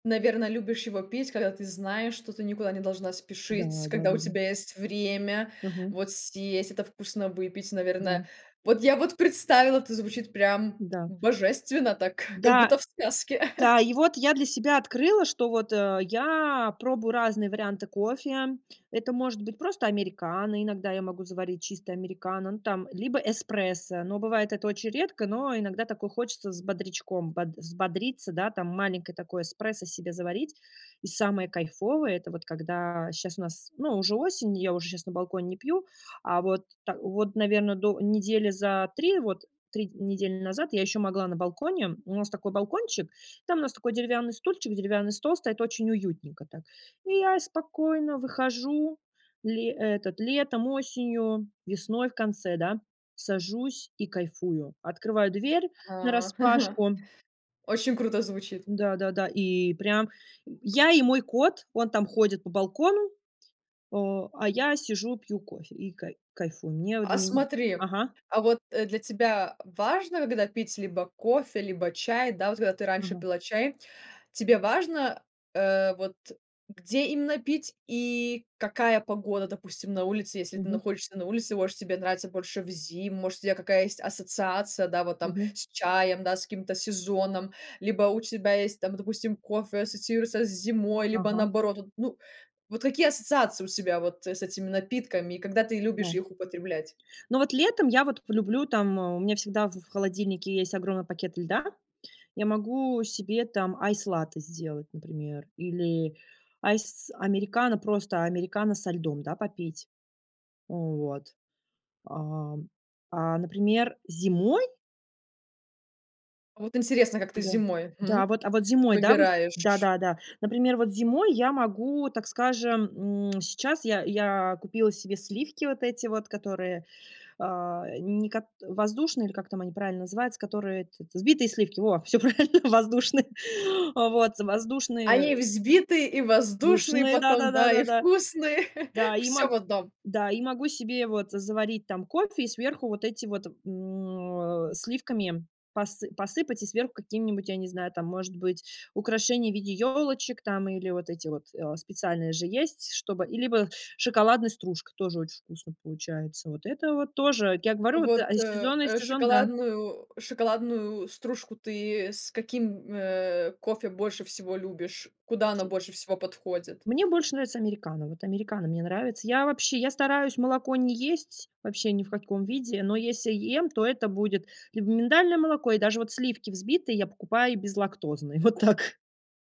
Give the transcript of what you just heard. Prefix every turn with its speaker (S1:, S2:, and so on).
S1: Наверно, любишь его пить, когда ты знаешь, что ты никуда не должна
S2: Да,
S1: спешить, когда у
S2: да-да-да.
S1: тебя есть время
S2: Мгм.
S1: вот съесть это вкусно, выпить,
S2: Да.
S1: наверное. Вот я вот представила, это звучит прям
S2: Да.
S1: божественно так, как
S2: Да.
S1: будто в сказке.
S2: Да, и вот я для себя открыла, что вот, э, я пробую разные варианты кофе. Это может быть просто американо, иногда я могу заварить чисто американо, ну, там, либо эспрессо, но бывает это очень редко, но иногда такое хочется с бодрячком, бод взбодриться, да, там, маленькое такое эспрессо себе заварить. И самое кайфовое- это вот когда щас у нас, ну, уже осень, и я уже щас на балконе не пью, а вот та вот, наверно, до недели за 3 вот, 3 недели назад я ещё могла на балконе. У нас такой балкончик, там у нас такой деревянный стульчик, деревянный стол стоит- очень уютненько так. И я спокойно выхожу ли этот, летом, осенью, весной в конце, да, сажусь и кайфую. Открываю дверь
S1: А.
S2: нараспашку.
S1: Очень круто звучит.
S2: Да-да-да, и прям, э, я и мой кот, он там ходит по балкону, э, а я сижу пью кофе и кай кайфую. Мне вот
S1: А
S2: для мень
S1: смотри,
S2: Ага.
S1: а вот, э, для тебя важно, когда пить либо кофе, либо чай, да? Вот когда ты раньше
S2: Ага.
S1: пила чай, тебе важно, э, вот где именно пить и какая погода, допустим, на улице, если ты
S2: Мгм.
S1: находишься на улице, может тебе нравится больше в зиму, может, у тебя какая есть ассоциация, да, вот там:
S2: Мгм.
S1: с чаем, да, с каким-то сезоном, либо у тебя есть там, допустим, кофе ассоциируется с зимой, либо
S2: Ага.
S1: наоборот вот? Ну, вот какие ассоциации у тебя вот с этими напитками, и когда ты любишь
S2: Да.
S1: их употреблять?
S2: Ну вот летом я вот люблю там: а, у меня всегда в в холодильнике есть огромный пакет льда. Я могу себе там айс латте сделать, например, или айс американо- просто американо со льдом, да, попить. Вот. Ам. А например, зимой
S1: Вот интересно, как ты
S2: Да,
S1: зимой, хм,
S2: да вот, а вот зимой, да вот Да,
S1: выбираешь.
S2: да, да. Например, вот зимой я могу, так скажем, м, сейчас я я купила себе сливки вот эти вот, которые, э, не кот воздушные, или как там они правильно называются, которые, этот, взбитые сливки, во! Всё правильно, воздушные. Э, вот,
S1: Они
S2: воздушные
S1: взбитые и воздушные
S2: душные, да да
S1: потом,
S2: да
S1: да,
S2: да
S1: и
S2: да.
S1: вкусные.
S2: Да, и
S1: Всё
S2: мог
S1: в 1.
S2: Да, и могу себе вот заварить там кофе- и сверху вот эти вот, м, а, сливками посы посыпать, и сверху какими-нибудь, я не знаю, там может быть украшение в виде ёлочек там, или вот эти вот, э, специальные же есть, чтобы и либо шоколадная стружка- тоже очень вкусно получается. Вот это вот тоже, я
S1: А
S2: говорю вот,
S1: вот,
S2: а
S1: э,
S2: сезонный
S1: э,
S2: сезон- да.
S1: шоколадную шоколадную стружку ты с каким, э, кофе больше всего любишь? Куда она больше всего подходит?
S2: Мне больше нравится американо. Вот американо мне нравится. Я вообще, я стараюсь молоко не есть, вообще ни в каком виде, но если ем, то это будет либо миндальное молоко, и даже вот сливки взбитые я покупаю безлактозные. Вот так.